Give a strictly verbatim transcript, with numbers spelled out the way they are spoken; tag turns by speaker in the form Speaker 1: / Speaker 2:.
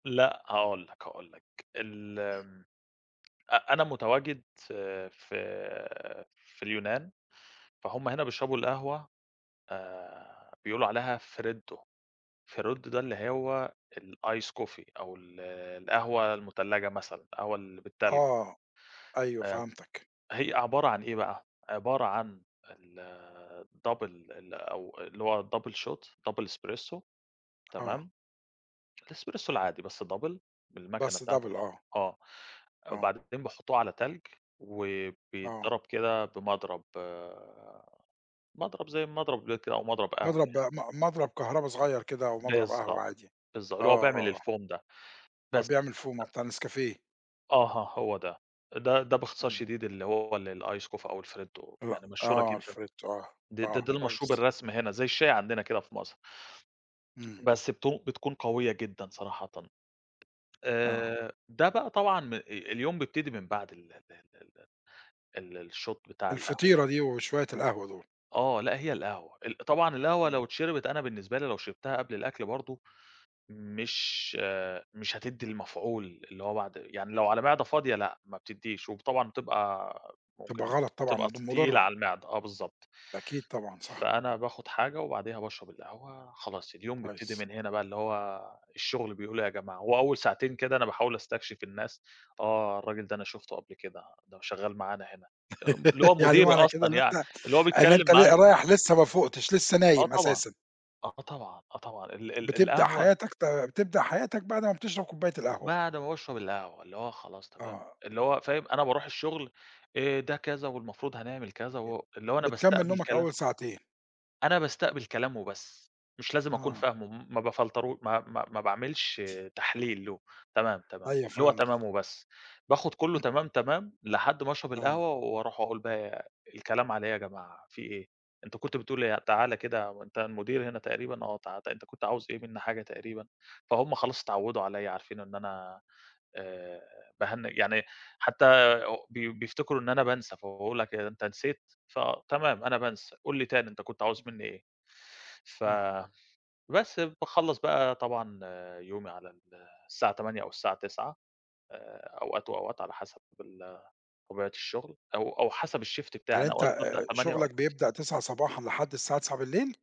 Speaker 1: لأ هاقول لك، هاقول لك، ال أ أنا متواجد في في في اليونان، فهُم هنا بيشربوا القهوة آآ، بيقولوا عليها Freddo، Freddo ده اللي هو الice coffee أو ال القهوة المُتلجة مثلًا، القهوة اللي بالتلج.
Speaker 2: آه، أيوه
Speaker 1: آآ،
Speaker 2: فهمتك.
Speaker 1: هي عبارة عن إيه بَقى؟ عبارة عن ال double ال أو اللي هو double shot، double espresso
Speaker 2: آه.
Speaker 1: تمام؟ الespresso العادي بس double بالمكنة
Speaker 2: بس
Speaker 1: بتاعة
Speaker 2: double
Speaker 1: القهوة
Speaker 2: آه.
Speaker 1: آه،
Speaker 2: آه.
Speaker 1: بعدين بيحطوه على تلج
Speaker 2: آه.
Speaker 1: وبيتضرب كده بمضرب، مضرب زي المضرب ده كده أو مضرب قهوة
Speaker 2: مضرب
Speaker 1: يعني.
Speaker 2: م مضرب كهربا صغيّر كده أومضرب قهوة
Speaker 1: بالضبط،
Speaker 2: عادي،
Speaker 1: بالض
Speaker 2: آه،
Speaker 1: اللي هو بيعمل
Speaker 2: آه.
Speaker 1: الFoam ده
Speaker 2: أ
Speaker 1: بس
Speaker 2: بيعمل foam آه
Speaker 1: [unintelligible]
Speaker 2: بتاع الNescafé.
Speaker 1: أها هو ده، ده ده باختصار
Speaker 2: إمم.
Speaker 1: شديد، اللي هو ال الice coffee أو الfreddo،
Speaker 2: لأ
Speaker 1: يعني مشهورة
Speaker 2: آه
Speaker 1: جدًا،
Speaker 2: الfreddo آه،
Speaker 1: دي دي
Speaker 2: آه
Speaker 1: دي المشروب
Speaker 2: كويس.
Speaker 1: الرسمي هنا زي الشاي عندنا كده في مصر.
Speaker 2: إمم.
Speaker 1: بس بتو بتكون قوية جدًا صراحةً،
Speaker 2: آه.
Speaker 1: آآ، ده بَقى طبعًا م أ اليوم بيبتدي من بعد ال ال ال ال ال الshot بتاع القهوة.
Speaker 2: الفطيرة دي وشوية القهوة دول.
Speaker 1: آه لأ، هي القهوة ال طبعًا القهوة لو
Speaker 2: إمم.
Speaker 1: اتشربت، أنا بالنسبة لي لو شربتها قبل الأكْل برضه مش مش هتدي المفعول اللي هو بَعد يعني لو على معدة فاضية لأ ما بتديش، وب طبعًا بتبقى
Speaker 2: تبقى
Speaker 1: ممكن
Speaker 2: غلط طبعًا
Speaker 1: تبقى
Speaker 2: مض
Speaker 1: تقيلة
Speaker 2: مضرة.
Speaker 1: على المعدة، آه بالضبط.
Speaker 2: أكيد طبعًا صح.
Speaker 1: فأنا باخد حاجة وبعديها باشرب القهوة، خلاص اليوم بيبتدي
Speaker 2: كويس.
Speaker 1: من هنا بَقى، اللي هو الشغل بيقول إيه يا جماعة، وأول ساعتين كده أنا باحاول أستكشف الناس، آه الراجل ده أنا شُفته قبل كده، ده شغال معانا هنا، ام اللي هو
Speaker 2: يعني
Speaker 1: مديري
Speaker 2: معنى كده
Speaker 1: أصلًا
Speaker 2: إن
Speaker 1: يعني
Speaker 2: أنت
Speaker 1: اللي هو
Speaker 2: إن
Speaker 1: بيتكلم
Speaker 2: أنت
Speaker 1: معايا.
Speaker 2: ل رايح لسه مافوقتش، لسه
Speaker 1: آه
Speaker 2: نايم
Speaker 1: طبعًا،
Speaker 2: أساسًا.
Speaker 1: آه طبعًا، آه طبعًا ال ال
Speaker 2: بتبدأ
Speaker 1: القهوة
Speaker 2: حياتك، ت بتبدأ حياتك بعد ما بتشرب كوباية القهوة.
Speaker 1: بعد ما باشرب القهوة، اللي هو خلاص تمام،
Speaker 2: آه.
Speaker 1: اللي هو فاهم أنا باروح الشغل، آآ، ده كذا والمفروض هنعمل كذا
Speaker 2: ي
Speaker 1: و اللي هو أنا
Speaker 2: بتكمّل
Speaker 1: باستقبل
Speaker 2: نومك
Speaker 1: كلام
Speaker 2: أول ساعتين.
Speaker 1: أنا باستقبل كلام وبس، مش لازم أكون
Speaker 2: آه.
Speaker 1: فاهمه، ما بافلترو ما ما ما باعملش تحليل له، تمام، تمام،
Speaker 2: أيوه
Speaker 1: اللي هو
Speaker 2: فهمت.
Speaker 1: تمام وبس، باخد كلّه تمام، تمام، لحد ما اشرب
Speaker 2: آه.
Speaker 1: القهوة واروح وأقول بَقى الكلام على إيه يا جماعة، في إيه؟ أنت كنت بتقول إيه؟ تعالَ كده، أنت المدير هنا تقريبًا؟ آه، تعا أنت كنت عاوز إيه مني حاجة تقريبًا، فهُم خلاص اتعودوا عليَّ، عارفين إن أنا آآ، باهنِّج يعني حتى أو بي بيفتكروا إن أنا بانسى، فبيقولها كده أنت نسيت؟ فتمام أنا بانسى، قُل لي تاني أنت كنت عاوز مني إيه؟ ف
Speaker 2: آه.
Speaker 1: بس باخلّص بَقَى طبعًا يومي على ال الساعة تمانية أو الساعة تسعة، آآ، أوقات وأوقات على حسب ال طبيعة الشغل، أو أو حسب الShift
Speaker 2: هل
Speaker 1: بتاعي، أنا
Speaker 2: أنت
Speaker 1: أوقات بابدأ
Speaker 2: آآ،
Speaker 1: تمانية
Speaker 2: شغلك
Speaker 1: وأوقات
Speaker 2: بيبدأ تسعة صباحًا لحد الساعة تسعة بالليل؟